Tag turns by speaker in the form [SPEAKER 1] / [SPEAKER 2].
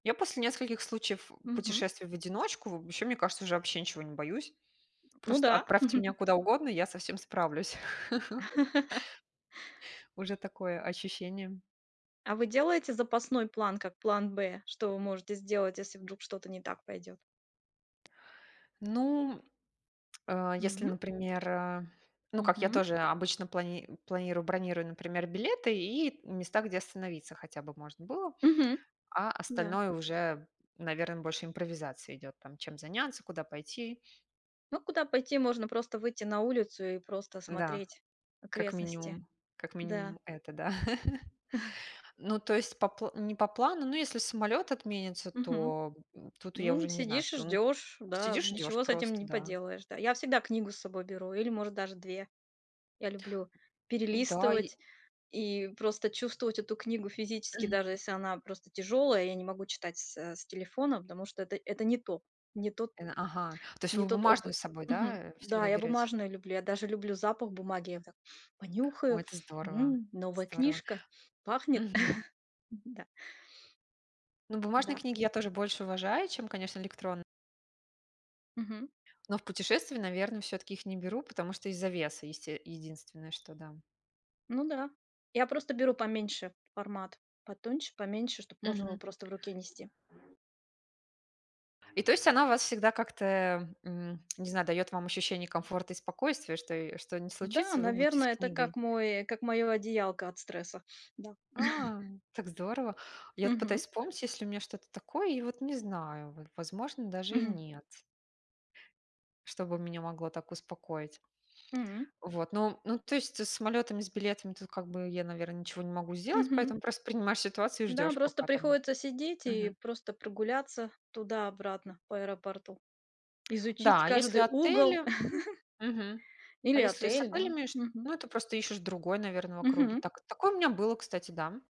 [SPEAKER 1] Я после нескольких случаев, э,
[SPEAKER 2] Мгм.
[SPEAKER 1] путешествий в одиночку вообще, мне кажется, уже вообще ничего не боюсь.
[SPEAKER 2] Ну
[SPEAKER 1] Просто
[SPEAKER 2] да.
[SPEAKER 1] отправьте меня куда угодно, я со всем справлюсь. Уже такое ощущение.
[SPEAKER 2] А вы делаете запасной план как план Б? Что вы можете сделать, если вдруг что-то не так пойдёт?
[SPEAKER 1] Ну, м, а, если,
[SPEAKER 2] М.
[SPEAKER 1] например, а, ну, как я
[SPEAKER 2] Мгм.
[SPEAKER 1] тоже обычно плани планирую, бронирую, например, билеты и места, где остановиться хотя бы можно было.
[SPEAKER 2] Мгм.
[SPEAKER 1] А
[SPEAKER 2] Да.
[SPEAKER 1] остальное уже, наверно, больше импровизация идёт, там, чем заняться, куда пойти.
[SPEAKER 2] Ну, куда пойти? Можно просто выйти на улицу и просто
[SPEAKER 1] Да,
[SPEAKER 2] смотреть
[SPEAKER 1] как
[SPEAKER 2] окрестности.
[SPEAKER 1] минимум. Как
[SPEAKER 2] Да.
[SPEAKER 1] минимум, это да. Ну, то есть по пл не по плану, ну, если самолёт отменится,
[SPEAKER 2] Мгм.
[SPEAKER 1] то, м, тут я
[SPEAKER 2] М,
[SPEAKER 1] уже не знаю,
[SPEAKER 2] сидишь и
[SPEAKER 1] что. Ну,
[SPEAKER 2] ждёшь, да.
[SPEAKER 1] сидишь, ждёшь
[SPEAKER 2] Ничего с этим
[SPEAKER 1] просто,
[SPEAKER 2] не
[SPEAKER 1] да.
[SPEAKER 2] поделаешь, да. Я всегда книгу с собой беру или, может, даже 2. Я люблю
[SPEAKER 1] Н-да, и
[SPEAKER 2] перелистывать и просто чувствовать эту книгу физически,
[SPEAKER 1] Мгм.
[SPEAKER 2] даже если она просто тяжёлая. Я не могу читать с, э, с телефона, потому что это, это не то, не тот
[SPEAKER 1] Э, ага, то есть
[SPEAKER 2] не
[SPEAKER 1] вы
[SPEAKER 2] тот
[SPEAKER 1] бумажную
[SPEAKER 2] опыт.
[SPEAKER 1] с собой, да,
[SPEAKER 2] Мгм.
[SPEAKER 1] э,
[SPEAKER 2] Да,
[SPEAKER 1] всегда
[SPEAKER 2] я
[SPEAKER 1] берёте?
[SPEAKER 2] бумажные люблю. Я даже люблю запах бумаги. Я вот так
[SPEAKER 1] Ой,
[SPEAKER 2] понюхаю.
[SPEAKER 1] это здорово
[SPEAKER 2] М, новая
[SPEAKER 1] здорово.
[SPEAKER 2] книжка, пахнет.
[SPEAKER 1] Мгм.
[SPEAKER 2] Да.
[SPEAKER 1] Ну, бумажные
[SPEAKER 2] Да.
[SPEAKER 1] книги я тоже больше уважаю, чем, конечно, электрон
[SPEAKER 2] Мгм.
[SPEAKER 1] Но в путешествии, наверно, всё-таки их не беру, потому что из-за веса, есте единственное, что да.
[SPEAKER 2] Ну да. Я просто беру поменьше формат, потоньше, поменьше, чтоб можно было
[SPEAKER 1] Мгм.
[SPEAKER 2] просто в руке нести.
[SPEAKER 1] И, то есть, она у вас всегда как-то, эм, м, не знаю, даёт вам ощущение комфорта и спокойствия, что её что ни
[SPEAKER 2] Н-да,
[SPEAKER 1] случится, вы будете
[SPEAKER 2] наверно,
[SPEAKER 1] с
[SPEAKER 2] это
[SPEAKER 1] книгой.
[SPEAKER 2] как мой как моё одеялко от стресса, да.
[SPEAKER 1] А так здорово! Я вот пытаюсь
[SPEAKER 2] Мгм.
[SPEAKER 1] вспомнить, есть ли у меня что-то такое. И вот не знаю, в возможно, даже и
[SPEAKER 2] Мгм.
[SPEAKER 1] нет. Что бы меня могло так успокоить.
[SPEAKER 2] М.
[SPEAKER 1] Вот, ну, м, ну, то есть, э, с самолётами, и с билетами тут как бы я, наверно, ничего не могу сделать,
[SPEAKER 2] Мгм.
[SPEAKER 1] поэтому просто принимаешь ситуацию и
[SPEAKER 2] Да,
[SPEAKER 1] ждёшь,
[SPEAKER 2] просто
[SPEAKER 1] пока там
[SPEAKER 2] приходится сидеть и
[SPEAKER 1] Мгм.
[SPEAKER 2] просто прогуляться туда-обратно по аэропорту, изучить
[SPEAKER 1] Да, а если
[SPEAKER 2] каждый угол.
[SPEAKER 1] отели мгм. А
[SPEAKER 2] Или
[SPEAKER 1] если и с
[SPEAKER 2] отель, да.
[SPEAKER 1] отелями, шт
[SPEAKER 2] Мгм.
[SPEAKER 1] ну, это просто ищешь другой, наверно, в округе.
[SPEAKER 2] Мгм.
[SPEAKER 1] Так, такое у меня было, кстати, да, м.